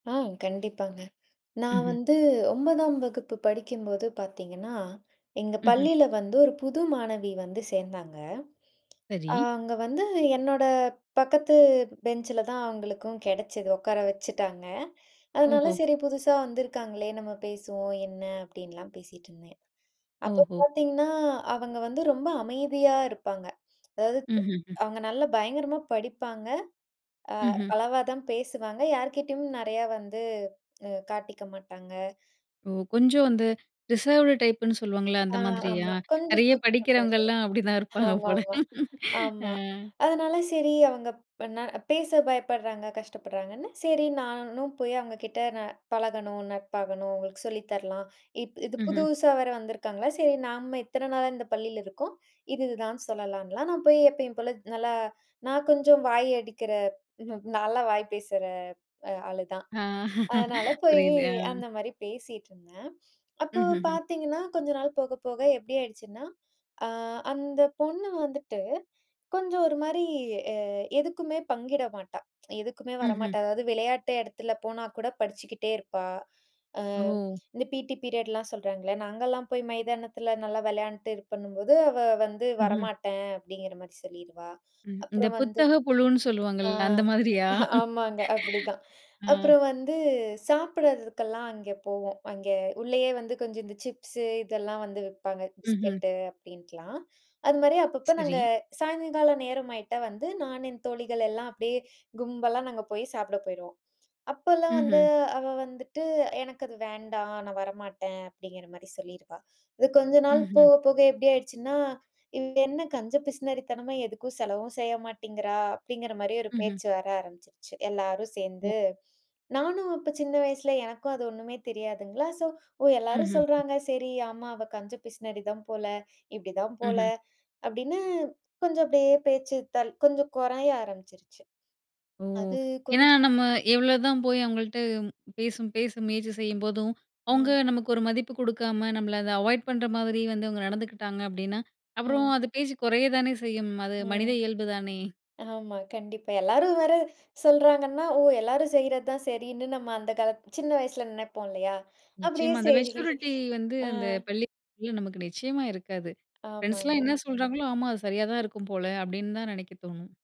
ஆ கண்டிப்பாங்க. "நான் ம்ஹ்ம். வந்து 9ம் வகுப்பு படிக்கும்போது பாத்தீங்கன்னா எங்க ம்ஹ்ம். பள்ளியில வந்து ஒரு புது மாணவி வந்து சேந்தாங்க. அ சரி. அங்கே வந்து, என்னோட பக்கத்து பெஞ்ச்சில தான் அவங்களுக்கும் கிடைச்சது, உக்கார வச்சுட்டாங்க. அதனால ஓஹோ. சரி புதுசா வந்திருக்காங்களே, நம்ம பேசுவோம், என்ன அப்டின்லாம் பேசிகிட்டுருந்தேன்." அப்போ ஓஹோ. பாத்தீங்கன்னா, அவங்க வந்து ரொம்ப அமைதியா இருப்பாங்க. அதாவது ம்ஹ்ம், ம். அவுங்க நல்லா பயங்கரமா படிப்பாங்க. அ ம்ஹ்ம். அளவா தான் பேசுவாங்க யார்கிட்டேயும் நெறையா வந்து அ காட்டிக்க மாட்டாங்க ஓ கொஞ்சம் வந்து, ரிசர்வ்ட் டைப் புன்னு சொல்லுவாங்கல்ல, அந்த ஆ மாதிரியா? ஆமா கொஞ்சம் நெறைய கூச்ச படிக்கிறவங்கலாம் அப்படிதான் இருப்பாங்க சுபாவம் ஆமா போல! ஆமா. அ. ஆமா. அதனால சரி அவங்க ப்ப நான் பேச பயப்படுறாங்க, கஷ்டப்படுறாங்கன்னு, சரி நானும் போய் அவங்க கிட்ட ந பழகணும், நட்பாகணும், உங்களுக்கு சொல்லி தரலாம். இப்போ இது ம்ஹ்ம். புதுசா வேற வந்திருக்காங்களா, சரி நாம இத்தன நாளா இந்த பள்ளியில இருக்கோம். இது இதுதான் சொல்லலாம்ன்லாம் நான் போய் எப்பயும் போல, நல்லா, "நான் கொஞ்சம் வாய் அடிக்கிற ம் நல்லா வாய் பேசுற ஆளு தான். ஆ அதனால போயி புரியுது, அ. அந்த மாரி பேசிகிட்டுருந்தேன்." அப்போ ம்ஹ்ஹ்ம். பாத்தீங்கன்னா, கொஞ்ச நாள் போக போக எப்படி ஆயிடுச்சுன்னா, அ "அந்த பொண்ணு வந்துட்டு, கொஞ்சம் ஒரு மாரி அ எதுக்குமே பங்கிட மாட்டா. எதுக்குமே ம்ஹ்ம். வரமாட்டா அதாவது, விளையாட்டு எடத்துல போனா கூட படிச்சுக்கிட்டே இருப்பா." அ ஓ! இந்த பிடி பீரியட்லாம் சொல்றாங்கள்ல நாங்கலாம் போய் மைதானத்தில நல்லா விளையாண்ட்டு, இதுப்பண்ணும்போது, அவ வந்து ம்ஹ்ம். "வரமாட்டேன்" அப்டிங்கிற மாரி சொல்லிருவா. ம். இந்த அப்புறம் வந்து புத்தக புழுன்னு ஆ, சொல்வாங்கள்ல அந்த மாதிரியா? அ ஆமாங்க. அப்படி தான். அ. அப்புறம் வந்து சாப்பிடறதுக்கெல்லாம் அங்க போவோம். அங்கே உள்ளயே வந்து கொஞ்சம் இந்த சிப்ஸு இதெல்லாம் வந்து விப்பாங்க. ம்ஹ்ம். பிஸ்கெட்டு அப்டின்ட்டுலாம். அதுமாரி அப்பப்போ நாங்க, சரி. சாயங்கால நேரம் ஆயிட்டா வந்து, நான் என் தோழிகள் எல்லாம் அப்படியே கும்பலா நாங்க போய் சாப்பிட போயிருவோம். அப்போலாம் வந்து ம்ஹ்ம். அவ வந்துட்டு, எனக்கு அது வேண்டாம். நான் வரமாட்டேன். அப்படிங்கிற மாரி சொல்லிருவா. இது கொஞ்ச நாள் ம்ஹ்ம். போக போக எப்டி ஆயிடுச்சுன்னா, இவ என்ன கஞ்ச பிசுனறித்தனமா, எதுக்கும் செலவும் செய்ய மாட்டேங்கிறா, அப்படிங்கிற மாரி ஒரு ம்ஹ்ம். பேச்சு வர ஆரம்பிச்சுருச்சு. எல்லாரும் ஒ. சேந்து, நானும் அப்ப சின்ன வயசுல எனக்கும் அது ஒண்ணுமே தெரியாதுங்களா, ஸோ ஓ எல்லாரும் ம்ஹ்ம். ம். சொல்றாங்க சரி ஆமா, அவ கஞ்ச பிசுனாரி தான் போல! இப்டிதான் போல, ம்ஹ்ம். அப்டின்னு கொஞ்சம் அப்படியே பேச்சு தள் கொஞ்சம் குறைய ஆரம்பிச்சுருச்சு. ஓ! அது ஏன்னா கொஞ்ச நம்ம, எவ்வளோதான் போய் அவங்கள்ட்ட பேசும் பேசும் முயற்சி செய்யும்போதும், அவுங்க ம். நமக்கு ஒரு மதிப்பு குடுக்காம, நம்மளை அதை அவாய்ட் பண்ணுற மாதிரி வந்து அவுங்க நடந்துக்கிட்டாங்க அப்படின்னா, அப்புறம், ம். அது பேச்சு குறைய தானே செய்யும்! அது ம். மனித இயல்பு தானே? ஆமா, கண்டிப்பா. எல்லாரும் வேற சொல்றாங்கன்ன, ஓ! எல்லாரும் செய்றது தான் சரின்னு நம்ம அந்த காலத்தி சின்ன வயசுல நெனைப்போம் இல்லையா? அப்டியே நிச்சயமா அந்த சரி. மெச்சூரிட்டி வந்து, ஆ. அந்த பள்ளி [unintelligible] நமக்கு நிச்சயமா இருக்காது. ஃப்ரெண்ட்ஸ்லாம் ஆமாங்க. என்ன சொல்றாங்களோ ஆமா, அது சரியா தான் இருக்கும் போல! அப்டின்னு தான் நெனைக்க தோணும்.